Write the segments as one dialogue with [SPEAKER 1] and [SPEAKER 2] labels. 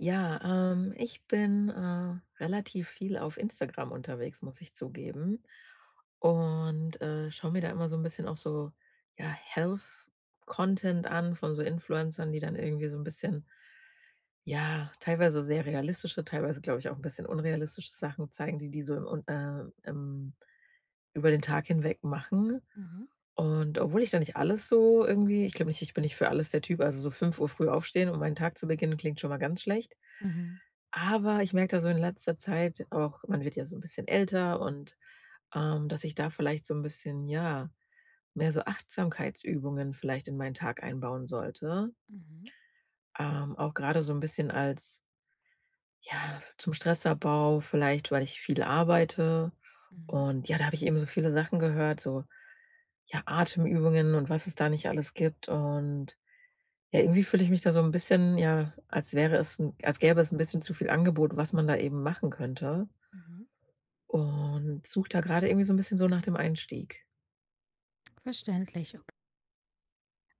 [SPEAKER 1] Ja, ähm, ich bin, äh, relativ viel auf Instagram unterwegs, muss ich zugeben. Und, äh, schaue mir da immer so 'n bisschen auch so, ja Health Content an von so Influencern, die dann irgendwie so 'n bisschen ja teilweise sehr realistische, teilweise glaube ich auch 'n bisschen unrealistische Sachen zeigen, die die so im um äh, ähm, über den Tag hinweg machen.
[SPEAKER 2] Mhm.
[SPEAKER 1] Und obwohl ich da nicht alles so, irgendwie ich glaube nicht, ich bin nicht für alles der Typ. Also, so 5:00 früh aufstehen, um meinen Tag zu beginnen, klingt schon mal ganz schlecht.
[SPEAKER 2] Mhm.
[SPEAKER 1] Aber, ich merke das so in letzter Zeit auch man wird ja so 'n bisschen älter und, ähm, dass ich da vielleicht so 'n bisschen, ja, mehr so Achtsamkeitsübungen vielleicht in meinen Tag einbauen sollte
[SPEAKER 2] Mhm.
[SPEAKER 1] ähm, auch gerade so 'n bisschen als ja zum Stressabbau, vielleicht, weil ich viel arbeite
[SPEAKER 2] Mhm.
[SPEAKER 1] und ja, da habe ich eben so viele Sachen gehört, so ja Atemübungen und was es da nicht alles gibt und, ja, Irgendwie fühle ich mich da so 'n bisschen, ja, als wäre es 'n als gäbe es 'n bisschen zu viel Angebot, was man da eben machen könnte
[SPEAKER 2] Mhm.
[SPEAKER 1] und suche da gerade irgendwie so 'n bisschen so nach dem Einstieg.
[SPEAKER 2] Verständlich.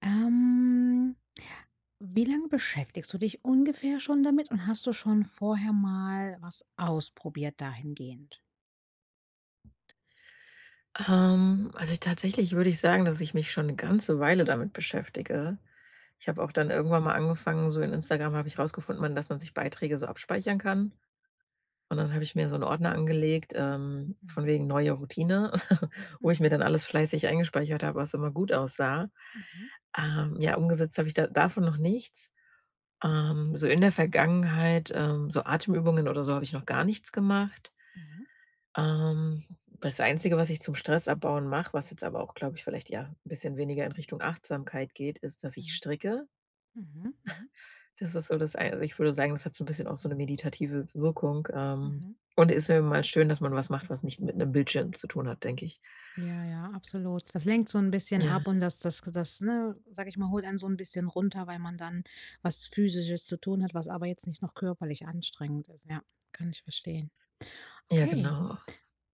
[SPEAKER 2] Ähm, wie lange beschäftigst du dich ungefähr schon damit und hast du schon vorher mal was ausprobiert, dahingehend?
[SPEAKER 1] Ähm, also, tatsächlich würde ich sagen, dass ich mich schon 'ne ganze Weile damit beschäftige. Ich habe auch dann irgendwann mal angefangen so in Instagram habe ich rausgefunden, man dass man sich Beiträge so abspeichern kann, und dann habe ich mir so 'n Ordner angelegt, ähm, von
[SPEAKER 2] Mhm.
[SPEAKER 1] wegen neue Routine, wo ich mir
[SPEAKER 2] Mhm.
[SPEAKER 1] dann alles fleißig eingespeichert habe, was immer gut aussah.
[SPEAKER 2] Mhm.
[SPEAKER 1] Ähm, ja, umgesetzt habe ich da davon noch nichts. Ähm, so in der Vergangenheit ähm, so Atemübungen oder so habe ich noch gar nichts gemacht.
[SPEAKER 2] Mhm.
[SPEAKER 1] Ähm, das Einzige, was ich zum Stress abbauen mache, was jetzt aber auch, glaube ich, vielleicht ja 'n bisschen weniger in Richtung Achtsamkeit geht, ist, dass ich
[SPEAKER 2] Mhm.
[SPEAKER 1] stricke.
[SPEAKER 2] Mhm Mhm.
[SPEAKER 1] Das ist so das ei also, ich würde sagen, das hat so 'n bisschen auch so 'ne meditative Wirkung, ähm,
[SPEAKER 2] Mhm.
[SPEAKER 1] und ist immer mal schön, dass man was macht, was nicht mit 'nem Bildschirm zu tun hat, denke ich.
[SPEAKER 2] Ja, ja, absolut. Das lenkt so 'n bisschen
[SPEAKER 1] Ja.
[SPEAKER 2] ab und das das das ne, sage ich mal, holt einen so 'n bisschen runter, weil man dann was Physisches zu tun hat, was aber jetzt nicht noch körperlich anstrengend ist. Ja, kann ich verstehen.
[SPEAKER 1] Ja,
[SPEAKER 2] Okay,
[SPEAKER 1] genau.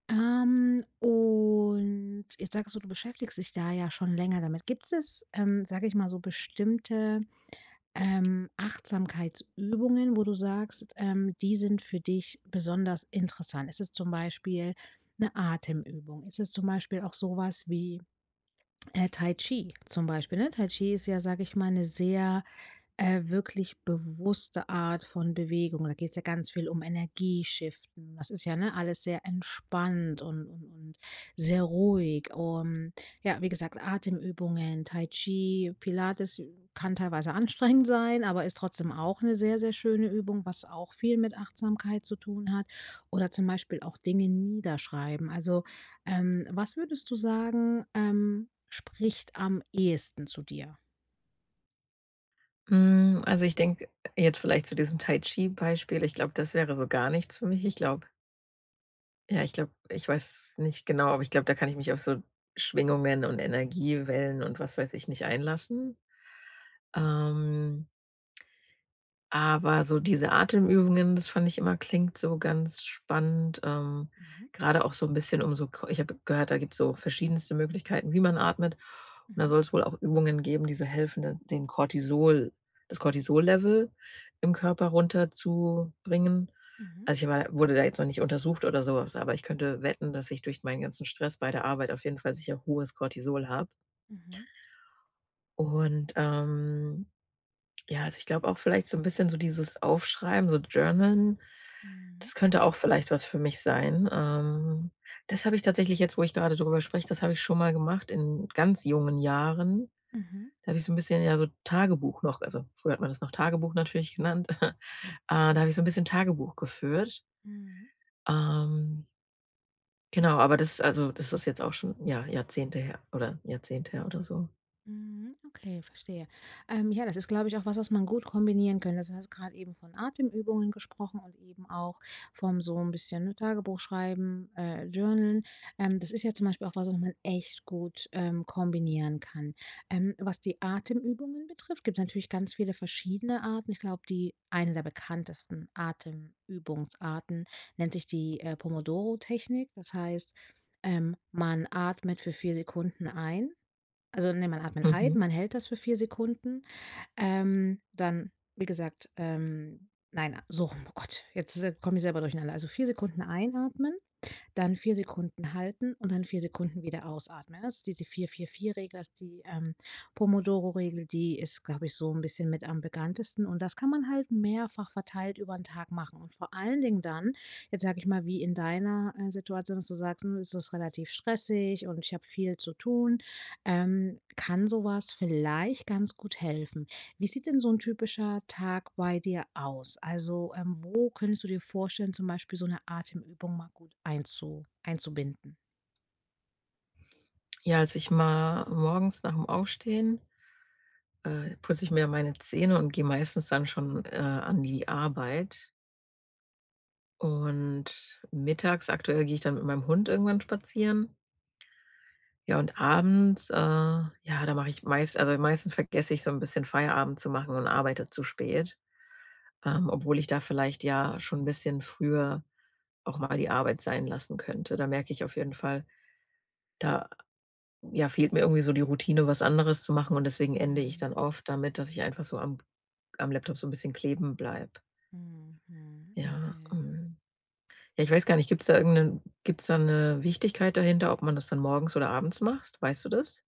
[SPEAKER 2] ähm, und jetzt sagst du, du beschäftigst dich da ja schon länger damit. Gibt es, ähm, sage ich mal, so bestimmte, ähm, Achtsamkeitsübungen, wo du sagst, ähm, die sind für dich besonders interessant? Ist es zum Beispiel 'ne Atemübung? Ist es zum Beispiel auch sowas wie, äh, Tai Chi zum Beispiel, ne? Tai Chi ist ja, sage ich mal, 'ne sehr, äh, wirklich bewusste Art von Bewegungen, da geht's ja ganz viel um Energie shiften. Das ist ja, ne, alles sehr entspannt und und und sehr ruhig, und ja, wie gesagt, Atemübungen, Tai Chi, Pilates kann teilweise anstrengend sein, aber ist trotzdem auch 'ne sehr, sehr schöne Übung, was auch viel mit Achtsamkeit zu tun hat. Oder zum Beispiel auch Dinge niederschreiben. Also, ähm, was würdest du sagen, ähm, spricht am ehesten zu dir?
[SPEAKER 1] Hm. Also, ich denke jetzt vielleicht zu diesem Tai-Chi-Beispiel, ich glaube, das wäre wohl gar nichts für mich. Ich glaube ja, ich glaube ich weiß nicht genau, aber ich glaube, da kann ich mich auf so Schwingungen und Energiewellen und was weiß ich nicht einlassen, ähm aber so diese Atemübungen, das fand ich immer klingt so ganz spannend, ähm,
[SPEAKER 2] Mhm.
[SPEAKER 1] grade auch so 'n bisschen um so co ich habe gehört, da gibt's so verschiedenste Möglichkeiten, wie man atmet, und da
[SPEAKER 2] Mhm.
[SPEAKER 1] soll's wohl auch Übungen geben, die so helfen, d den Cortisol das Cortisol-Level im Körper runterzubringen.
[SPEAKER 2] Mhm.
[SPEAKER 1] Also, ich wa wurde da jetzt noch nicht untersucht oder sowas, aber ich könnte wetten, dass ich durch meinen ganzen Stress bei der Arbeit auf jeden Fall sicher hohes Cortisol habe.
[SPEAKER 2] Mhm.
[SPEAKER 1] Und, ähm ja, also, ich glaube auch, vielleicht so 'n bisschen so dieses Aufschreiben, so journalen,
[SPEAKER 2] Mhm.
[SPEAKER 1] das könnte auch vielleicht was für mich sein. Ähm, das habe ich tatsächlich jetzt, wo ich gerade drüber spreche das habe ich schon mal gemacht in ganz jungen Jahren.
[SPEAKER 2] Mhm.
[SPEAKER 1] Da habe ich so 'n bisschen ja, so Tagebuch noch also, früher hat man das noch Tagebuch natürlich genannt ah, da habe ich so 'n bisschen Tagebuch geführt.
[SPEAKER 2] Mhm.
[SPEAKER 1] Ähm genau. Aber das also, das ist jetzt auch schon, ja Jahrzehnte her oder 'n Jahrzehnt her oder so.
[SPEAKER 2] Mhm. Okay, verstehe. Ähm, ja, das ist, glaube ich, auch was, was man gut kombinieren könnte. Also, du hast gerade eben von Atemübungen gesprochen und eben auch vom so 'n bisschen Tagebuch schreiben, äh, journalen, ähm, das ist ja zum Beispiel auch was, was man echt gut, ähm, kombinieren kann. Ähm, was die Atemübungen betrifft, gibt natürlich ganz viele verschiedene Arten. Ich glaube, die eine der bekanntesten Atemübungsarten nennt sich die äh, Pomodoro Technik. Das heißt, ähm, man atmet für 4 Sekunden ein. Also, ne, man atmen ein,
[SPEAKER 1] Mhm.
[SPEAKER 2] man hält das für 4 Sekunden, ähm, dann wie gesagt, ähm Nein, so oh Gott. Jetzt komme ich selber durcheinander. Also 4 Sekunden einatmen, dann 4 Sekunden halten und dann 4 Sekunden wieder ausatmen. Das ist diese 4, 4, 4, Regel, das ist die, ähm, Pomodoro-Regel. Die ist, glaube ich, so 'n bisschen mit am bekanntesten. Und das kann man halt mehrfach verteilt übern Tag machen und vor allen Dingen dann, jetzt sage ich mal, wie in deiner äh, Situation, dass du sagst: „Hm es relativ stressig und ich habe viel zu tun“, ähm, kann sowas vielleicht ganz gut helfen. Wie sieht denn so 'n typischer Tag bei dir aus? Also, ähm, wo könntest du dir vorstellen, zum Beispiel so 'ne Atemübung mal gut einzu einzubinden?
[SPEAKER 1] Ja, also, ich ma morgens nach 'm Aufstehen, äh, putze ich mir meine Zähne und gehe meistens dann schon, äh, an die Arbeit und mittags aktuell gehe ich dann mit meinem Hund irgendwann spazieren. Ja, und abends, äh, ja, da mache ich meist also, meistens vergesse ich so 'n bisschen, Feierabend zu machen, und arbeite zu spät, ähm, obwohl ich da vielleicht, ja, schon 'n bisschen früher auch mal die Arbeit sein lassen könnte. Da merke ich auf jeden Fall da ja fehlt mir irgendwie so die Routine, was anderes zu machen, und deswegen ende ich
[SPEAKER 2] Mhm.
[SPEAKER 1] dann oft damit, dass ich einfach so am am Laptop so 'n bisschen kleben bleibe.
[SPEAKER 2] Mhm, mhm,
[SPEAKER 1] Ja,
[SPEAKER 2] okay.
[SPEAKER 1] ähm ja, ich weiß gar nicht, gibt's da irgend 'nen gibt's da 'ne Wichtigkeit dahinter, ob man das dann morgens oder abends macht? Weißt du das?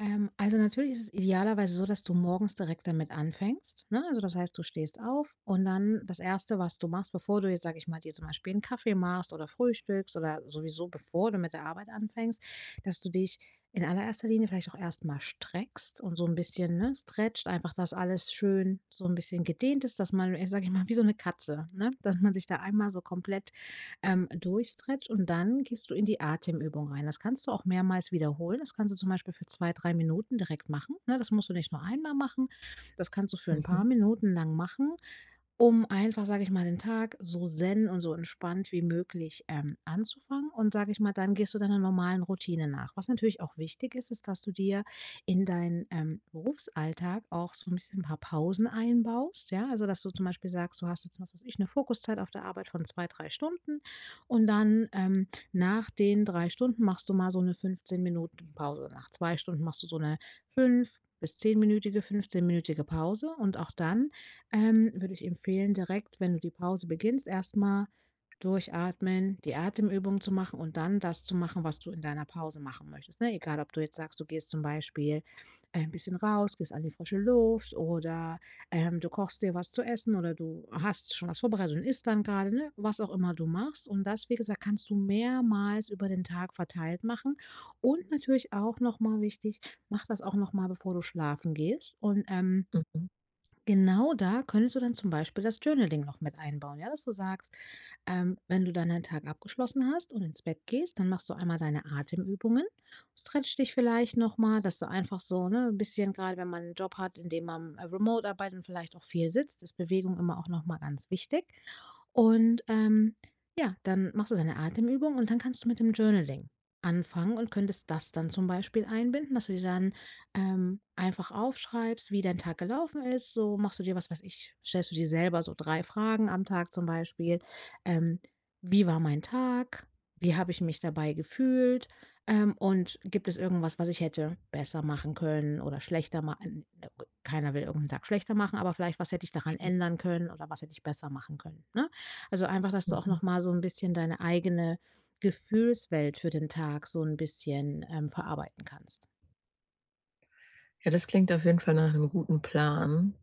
[SPEAKER 2] Ähm, also, natürlich ist es idealerweise so, dass du morgens direkt damit anfängst, ne, also, das heißt, du stehst auf und dann das Erste, was du machst, bevor du jetzt, sage ich mal, dir zum Beispiel 'n Kaffee machst oder frühstückst oder sowieso bevor du mit der Arbeit anfängst, dass du dich in allererster Linie vielleicht auch erst mal streckst und so 'n bisschen, ne, stretchst einfach, dass alles schön so 'n bisschen gedehnt ist, dass man sage ich mal, wie so 'ne Katze, ne, dass man sich da einmal so komplett, ähm, durchstretcht und dann gehst du in die Atemübung rein. Das kannst du auch mehrmals wiederholen. Das kannst du zum Beispiel für 2, 3 Minuten direkt machen, ne? Das musst du nicht nur einmal machen, das kannst du für 'n paar
[SPEAKER 1] Mhm.
[SPEAKER 2] Minuten lang machen. um einfach, sage ich mal, den Tag so zen und so entspannt wie möglich, ähm, anzufangen und, sage ich mal, dann gehst du deiner normalen Routine nach. Was natürlich auch wichtig ist, ist, dass du dir in dein, ähm, Berufsalltag auch so 'n bisschen 'n paar Pausen einbaust. Ja, also, dass du zum Beispiel sagst, du hast jetzt, was weiß ich, 'ne Fokuszeit auf der Arbeit von 2, 3 Stunden und dann, ähm, nach den 3 Stunden machst du mal so 'ne 15 Minuten Pause, nach 2 Stunden machst du so 'ne 5 bis 10-minütige, 15-minütige Pause und auch dann, ähm, würde ich empfehlen, direkt, wenn du die Pause beginnst, erst mal durchatmen, die Atemübungen zu machen und dann das zu machen, was du in deiner Pause machen möchtest, ne? Egal, ob du jetzt sagst, du gehst zum Beispiel, äh, bisschen raus, gehst an die frische Luft oder, ähm, du kochst dir was zu essen, oder du hast schon was vorbereitet und isst dann grade, ne, was auch immer du machst, und das, wie gesagt, kannst du mehrmals über den Tag verteilt machen und natürlich, auch noch mal wichtig, mache das auch noch mal, bevor du schlafen gehst. Und, ähm
[SPEAKER 1] Mhm.
[SPEAKER 2] genau, da könntest du dann zum Beispiel das Journal-Ding noch mit einbauen, ja, dass du sagst, ähm, wenn du dann deinen Tag abgeschlossen hast und ins Bett gehst, dann machst du einmal deine Atemübungen, stretcht dich vielleicht noch mal, dass du einfach so, ne, n' bisschen grade wenn man 'n Job hat, in dem man, äh, remote arbeitet und vielleicht auch viel sitzt, ist Bewegung immer auch noch mal ganz wichtig, und, ähm, ja, dann machst du deine Atemübungen und dann kannst du mit dem Journaling anfangen und könntest das dann zum Beispiel einbinden, dass du dir dann, ähm, einfach aufschreibst, wie dein Tag gelaufen ist so machst du dir, was weiß ich stellst du dir selber so 3 Fragen am Tag zum Beispiel, ähm: „Wie war mein Tag? Wie habe ich mich dabei gefühlt? Ähm, und gibt es irgendwas, was ich hätte besser machen können oder schlechter ma” na gut, keiner will irgend' nen Tag schlechter machen, aber vielleicht „Was hätte ich daran ändern können oder was hätte ich besser machen können,” ne? Also, einfach, dass du auch
[SPEAKER 1] Mhm.
[SPEAKER 2] noch mal so 'n bisschen deine eigene Gefühlswelt für den Tag so 'n bisschen, ähm, verarbeiten kannst.
[SPEAKER 1] Ja, das klingt auf jeden Fall nach 'nem guten Plan,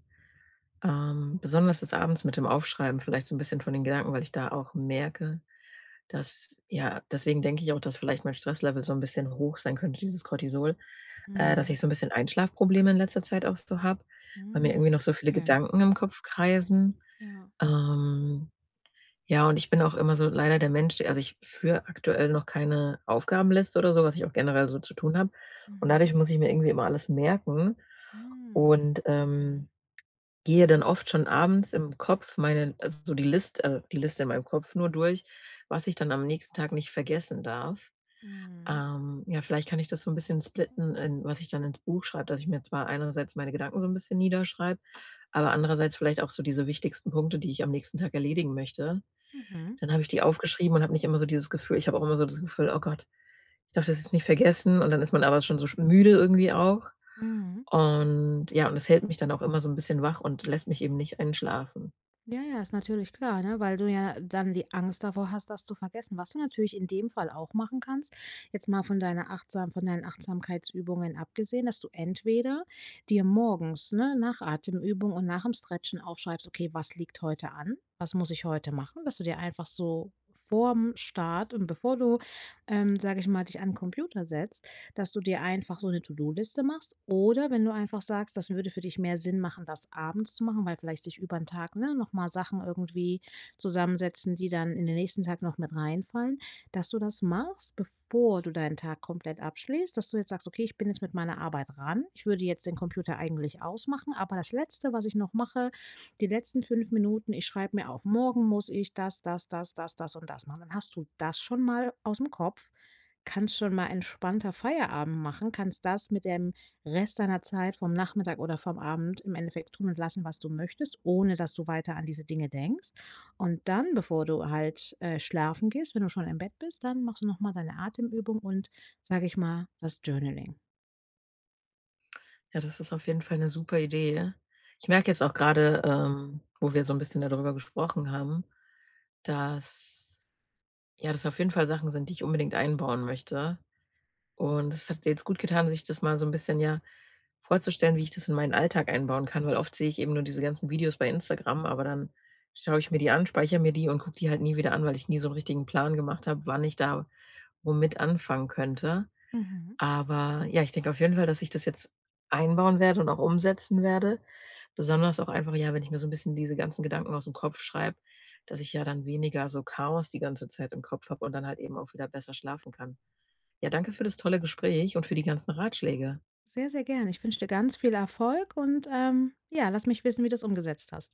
[SPEAKER 1] ähm, besonders das Abends mit dem Aufschreiben vielleicht so 'n bisschen von den Gedanken, weil ich da auch merke, dass ja deswegen denke ich auch, dass vielleicht mein Stresslevel so 'n bisschen hoch sein könnte dieses Cortisol äh, dass
[SPEAKER 2] Mhm.
[SPEAKER 1] ich so 'n bisschen Einschlafprobleme in letzter Zeit auch so habe, weil mir irgendwie
[SPEAKER 2] Mhm,
[SPEAKER 1] noch so viele
[SPEAKER 2] okay.
[SPEAKER 1] Gedanken im Kopf kreisen.
[SPEAKER 2] Ja.
[SPEAKER 1] Ähm, ja, und ich bin auch immer so leider der Mensch also, ich führe aktuell noch keine Aufgabenliste oder so, was ich auch generell so zu tun habe, und
[SPEAKER 2] Mhm.
[SPEAKER 1] dadurch muss ich mir irgendwie immer alles merken
[SPEAKER 2] Hm,
[SPEAKER 1] und,
[SPEAKER 2] mhm.
[SPEAKER 1] ähm, gehe dann oft schon abends im Kopf meine also, die Liste also, die Liste in meinem Kopf nur durch, was ich dann am nächsten Tag nicht vergessen darf.
[SPEAKER 2] Mhm.
[SPEAKER 1] Ähm, ja, vielleicht kann ich das so 'n bisschen splitten in was ich dann ins Buch schreibe, dass ich mir zwar einerseits meine Gedanken so 'n bisschen niederschreibe, aber andererseits vielleicht auch so diese wichtigsten Punkte, die ich am nächsten Tag erledigen möchte.
[SPEAKER 2] Mhm.
[SPEAKER 1] Dann habe ich die aufgeschrieben und habe nicht immer so dieses Gefühl ich habe auch immer so das Gefühl: „Oh Gott, ich darf das jetzt nicht vergessen”, und dann ist man aber schon so sch müde irgendwie auch
[SPEAKER 2] Mhm.
[SPEAKER 1] und ja, und das hält mich dann auch immer so 'n bisschen wach und lässt mich eben nicht einschlafen.
[SPEAKER 2] Ja, ja, ist natürlich klar, ne, weil du ja dann die Angst davor hast, das zu vergessen. Was du natürlich in dem Fall auch machen kannst jetzt mal von deiner Achtsam von deinen Achtsamkeitsübungen abgesehen, dass du entweder dir morgens, ne, nach Atemübung und nach'm Stretchen aufschreibst: „Okay, was liegt heute an? Was muss ich heute machen?” Dass du dir einfach so vor'm Start und bevor du, ähm, sage ich mal, dich an Computer setzt dass du dir einfach so 'ne To-do-Liste machst oder wenn du einfach sagst, das würde für dich mehr Sinn machen, das abends zu machen, weil vielleicht sich über 'n Tag, ne, noch mal Sachen irgendwie zusammensetzen, die dann in den nächsten Tagen noch mit reinfallen, dass du das machst, bevor du deinen Tag komplett abschließt dass du jetzt sagst: „Okay, ich bin jetzt mit meiner Arbeit ran. Ich würde jetzt den Computer eigentlich ausmachen, aber das Letzte, was ich noch mache die letzten 5 Minuten ich schreibe mir auf: ‚Morgen muss ich das, das, das, das, das und das machen.'” Dann hast du das schon mal aus'm Kopf, kannst schon mal entspannter Feierabend machen, kannst das mit dem Rest deiner Zeit vom Nachmittag oder vom Abend im Endeffekt tun und lassen, was du möchtest, ohne dass du weiter an diese Dinge denkst. Und dann, bevor du halt, äh, schlafen gehst, wenn du schon im Bett bist, dann machst du noch mal deine Atemübung und, sage ich mal, das journaling.
[SPEAKER 1] Ja, das ist auf jeden Fall 'ne super Idee. Ich merke jetzt auch gerade, ähm, wo wir so 'n bisschen da drüber gesprochen haben, dass ja, das auf jeden Fall Sachen sind, die ich unbedingt einbauen möchte, und es hat mir jetzt gutgetan, sich das mal so 'n bisschen, ja, vorzustellen, wie ich das in meinen Alltag einbauen kann, weil oft sehe ich eben nur diese ganzen Videos bei Instagram, aber dann schaue ich mir die an, speichere mir die und gucke die halt nie wieder an, weil ich nie so 'nen richtigen Plan gemacht habe, wann ich da womit anfangen könnte.
[SPEAKER 2] Mhm.
[SPEAKER 1] Aber, ja, ich denke auf jeden Fall, dass ich das jetzt einbauen werde und auch umsetzen werde besonders auch einfach ja, wenn ich mir so 'n bisschen diese ganzen Gedanken aus 'm Kopf schreibe, dass ich ja dann weniger so Chaos die ganze Zeit im Kopf habe und dann halt eben auch wieder besser schlafen kann. Ja, danke für das tolle Gespräch und für die ganzen Ratschläge.
[SPEAKER 2] Sehr, sehr gerne. Ich wünsche dir ganz viel Erfolg und, ähm, ja, lasse mich wissen, wie du's umgesetzt hast.